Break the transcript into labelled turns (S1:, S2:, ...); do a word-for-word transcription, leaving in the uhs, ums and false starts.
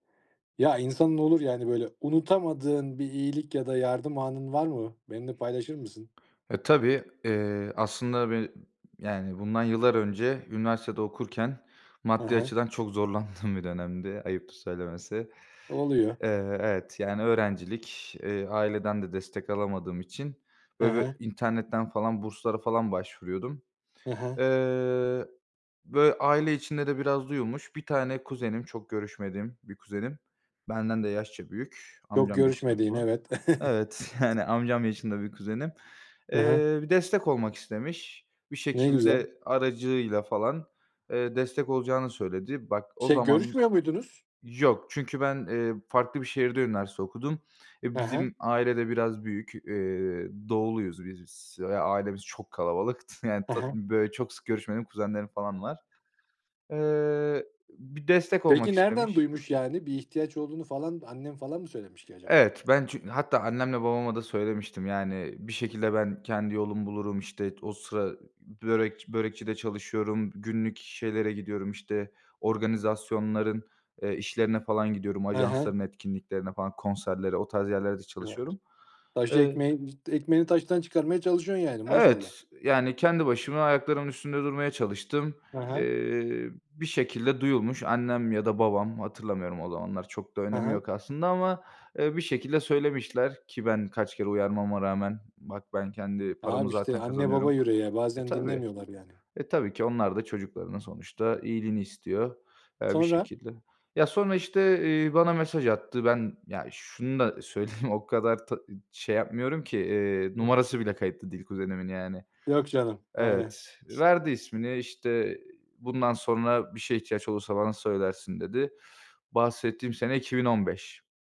S1: Ya, insanın olur ya, hani böyle unutamadığın bir iyilik ya da yardım anın var mı? Benimle paylaşır mısın?
S2: E, tabii, eee, aslında beni yani bundan yıllar önce üniversitede okurken
S1: He
S2: maddi
S1: he.
S2: açıdan çok zorlandığım bir dönemdi ayıptır söylemesi.
S1: Oluyor.
S2: Eee, evet, yani öğrencilik. Eee, aileden de destek alamadığım için
S1: He
S2: böyle
S1: he.
S2: bir internetten falan burslara falan başvuruyordum.
S1: He he.
S2: Eee, böyle aile içinde de biraz duyulmuş. Bir tane kuzenim, çok görüşmediğim bir kuzenim. Benden de yaşça büyük,
S1: Çok
S2: amcam yaşında
S1: görüşmediğin,
S2: bu.
S1: evet.
S2: Evet, yani amcam yaşında bir kuzenim.
S1: He he.
S2: Eee, bir destek olmak istemiş. Bir
S1: Ne güzel!
S2: şekilde aracıyla falan, eee, destek olacağını söyledi. Bak, o
S1: Şey,
S2: zaman
S1: görüşmüyor muydunuz?
S2: Yok, çünkü ben, eee, farklı bir şehirde üniversite okudum. E,
S1: He he.
S2: bizim aile de biraz büyük, eee, doğuluyuz biz s ve ailemiz çok kalabalık. T yani
S1: He
S2: ta
S1: he.
S2: böyle çok sık görüşmediğim kuzenlerim falan var. Eee, b bir destek olmak
S1: Peki, nereden
S2: istemiş.
S1: duymuş yani? Bir ihtiyaç olduğunu falan annen falan mı söylemiş ki acaba?
S2: Evet, ben çünkü hatta annemle babama da söylemiştim yani, e bir şekilde ben kendi yolumu bulurum, işte t o sıra ı börekçi börekçide çalışıyorum, günlük şeylere gidiyorum, işte organizasyonların, eee, işlerine falan gidiyorum,
S1: He he.
S2: ajansların etkinliklerine falan, konserlere, o tarz yerlerde çalışıyorum.
S1: Taşı
S2: Eee
S1: ekmeğin z ekmeğini taştan çıkarmaya çalışıyorsun yani, maşallah.
S2: Evet, yani kendi başıma ayaklarımın üstünde durmaya çalıştım.
S1: He he.
S2: Eee, bir şekilde duyulmuş. Annem ya da babam, hatırlamıyorum o zamanlar, çok da
S1: He
S2: önemi
S1: he.
S2: yok aslında ama, eee, bir şekilde söylemişler ki ben kaç kere uyarmama rağmen bak ben kendi paramı
S1: Abi işte,
S2: zaten
S1: anne baba
S2: kazanıyorum
S1: yüreği ya,
S2: E
S1: bazen
S2: tabii.
S1: dinlemiyorlar yani.
S2: E tabii ki onlar da çocuklarının sonuçta iyiliğini istiyor, eee, bir
S1: Sonra?
S2: şekilde. Ya, sonra işte, eee, bana mesaj attı. Ben ya, şunu da söyleyeyim, o kadar ta şey yapmıyorum ki. Eee, numarası bile kayıtlı değil kuzenimin yani.
S1: Yok canım, aynen.
S2: Evet, verdi ismini işte i "Bundan sonra bir şeye ihtiyaç olursa bana söylersin," dedi. Bahsettiğim sene iki bin on beş